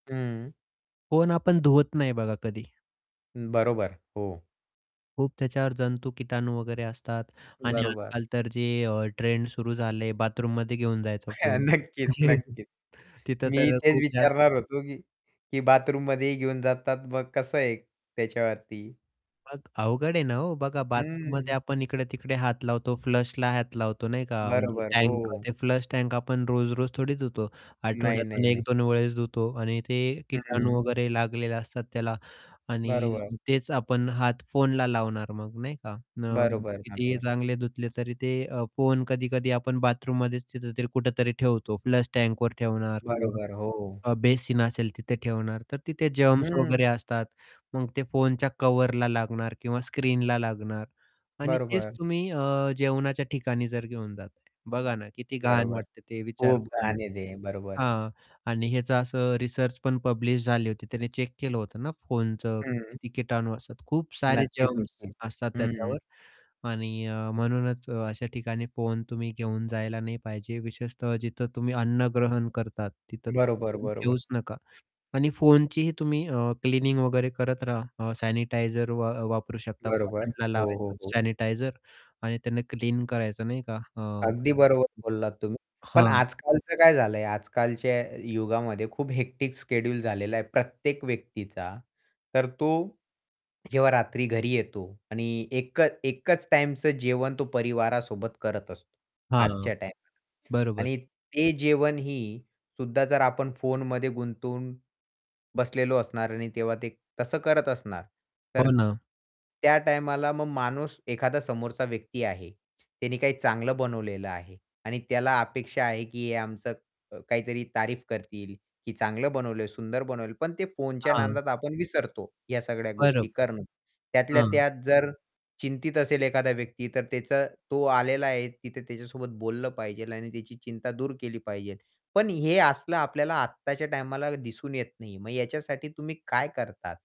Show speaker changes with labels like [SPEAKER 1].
[SPEAKER 1] हं.
[SPEAKER 2] फोन आपण धुवत नाही बघा कधी.
[SPEAKER 1] हं, बरोबर. हो.
[SPEAKER 2] खूप त्याच्यावर जंतू, किटाणू वगैरे असतात आणि
[SPEAKER 1] बरोबर.
[SPEAKER 2] आजकाल तर जे अ, ट्रेंड सुरू झाले आहे, बाथरूममध्ये घेऊन जायचा फोन.
[SPEAKER 1] नक्कीच, नक्कीच.
[SPEAKER 2] तिथं
[SPEAKER 1] मी
[SPEAKER 2] तर
[SPEAKER 1] तेच
[SPEAKER 2] खूप जास्त
[SPEAKER 1] विचारणार होतो की की बाथरूममध्ये घेऊन जातात, मग कसं आहे त्याच्यावरती?
[SPEAKER 2] मग अवघड आहे ना हो. बघा,
[SPEAKER 1] हं.
[SPEAKER 2] बाथरूममध्ये आपण इकडे-तिकडे हात लावतो फ्लशला हात लावतो, नाही का? म्हणजे
[SPEAKER 1] बरोबर,
[SPEAKER 2] टँक
[SPEAKER 1] हो.
[SPEAKER 2] ते फ्लश टँक आपण रोज-रोज थोडी धुतो.
[SPEAKER 1] नाही,
[SPEAKER 2] आठवड्यातून
[SPEAKER 1] नाही,
[SPEAKER 2] एक
[SPEAKER 1] नाही.
[SPEAKER 2] दोन वेळेस धुतो आणि ते
[SPEAKER 1] हं,
[SPEAKER 2] किटाणू
[SPEAKER 1] हं.
[SPEAKER 2] वगैरे लागलेले असतात त्याला. आणि
[SPEAKER 1] बरोबर.
[SPEAKER 2] अ, तेच आपण हात फोनला लावणार मग, नाही का? अ,
[SPEAKER 1] बरोबर,
[SPEAKER 2] कितीही
[SPEAKER 1] बरोबर.
[SPEAKER 2] चांगले धुतले तरी ते अ, फोन कधी-कधी आपण बाथरूममध्येच तिथतरी, कुठेतरी ठेवतो, फ्लश टँकवर ठेवणार किंवा
[SPEAKER 1] बरोबर, हो.
[SPEAKER 2] अ, बेसिन असेल तिथे ठेवणार. तर तिथे जर्म्स
[SPEAKER 1] हं.
[SPEAKER 2] वगैरे असतात, मग ते फोनच्या कव्हरला लागणार किंवा स्क्रीनला लागणार आणि तेच
[SPEAKER 1] बरोबर.
[SPEAKER 2] तुम्ही अ, जेवणाच्या ठिकाणी जर घेऊन जाता. बघा ना, किती घाण
[SPEAKER 1] बरोबर.
[SPEAKER 2] वाटते ते विचार
[SPEAKER 1] खूप
[SPEAKER 2] करून.
[SPEAKER 1] घाण आहे ते, बरोबर.
[SPEAKER 2] हां, आणि ह्याचं असं रिसर्च पण पब्लिश झाली होती. त्याने चेक केलं होतं ना फोनचं,
[SPEAKER 1] हं.
[SPEAKER 2] किती किटाणू असतात. खूप सारे
[SPEAKER 1] नक्कीच,
[SPEAKER 2] जर्म्स
[SPEAKER 1] नक्कीच.
[SPEAKER 2] असतात
[SPEAKER 1] हं.
[SPEAKER 2] त्याच्यावर. आणि अ, म्हणूनच अशा ठिकाणी फोन तुम्ही घेऊन जायला नाही पाहिजे. विशेषतः जिथं तुम्ही अन्नग्रहण करतात तिथं तर
[SPEAKER 1] बरोबर,
[SPEAKER 2] फोन
[SPEAKER 1] बरोबर.
[SPEAKER 2] घेऊच नका आणि फोनचीही तुम्ही अ, क्लिनिंग वगैरे करत राहा. अ, सॅनिटायझर वा वापरू शकता.
[SPEAKER 1] बरोबर.
[SPEAKER 2] कॉटनला
[SPEAKER 1] हो,
[SPEAKER 2] लावायचं
[SPEAKER 1] हो, हो.
[SPEAKER 2] सॅनिटायझर आणि त्यांना क्लीन करायचं, नाही का? अ
[SPEAKER 1] अगदी बरोबर बोललात तुम्ही. पण
[SPEAKER 2] हां.
[SPEAKER 1] आजकालचं काय झालंय, आजकालच्या युगामध्ये खूप हेक्टिक शेड्यूल झालेलं आहे प्रत्येक व्यक्तीचा. तर तो जेव्हा रात्री घरी येतो आणि एकच एकच टाईमचं जेवण तो परिवारासोबत करत असतो,
[SPEAKER 2] हां,
[SPEAKER 1] आजच्या टाईमाला.
[SPEAKER 2] बरोबर.
[SPEAKER 1] आणि ते जेवणही सुद्धा जर आपण फोनमध्ये गुंतून बसलेलो असणार आणि तेव्हा ते तसं करत असणार, तर
[SPEAKER 2] हो ना.
[SPEAKER 1] त्या टाईमाला मग माणूस एखादा समोरचा व्यक्ती आहे, त्याने काही चांगलं बनवलेलं आहे आणि त्याला अपेक्षा आहे, की आमचं क अ, काहीतरी तारीफ करतील, "की चांगलं बनवलं, सुंदर बनवलं." पण ते फोनच्या
[SPEAKER 2] हां.
[SPEAKER 1] नादात आपण विसरतो ह्या सगळ्या गोष्टी
[SPEAKER 2] बरोबर,
[SPEAKER 1] करणं. त्यातल्या
[SPEAKER 2] हां.
[SPEAKER 1] त्यात जर चिंतित असेल एखादा व्यक्ती तर त्याचा तो आलेला आहे, तिथे त्याच्यासोबत बोललं पाहिजे आणि त्याची चिंता दूर केली पाहिजे. पण हे असलं आपल्याला आत्ताच्या टाईमाला दिसून येत नाही. मग याच्यासाठी तुम्ही काय करता?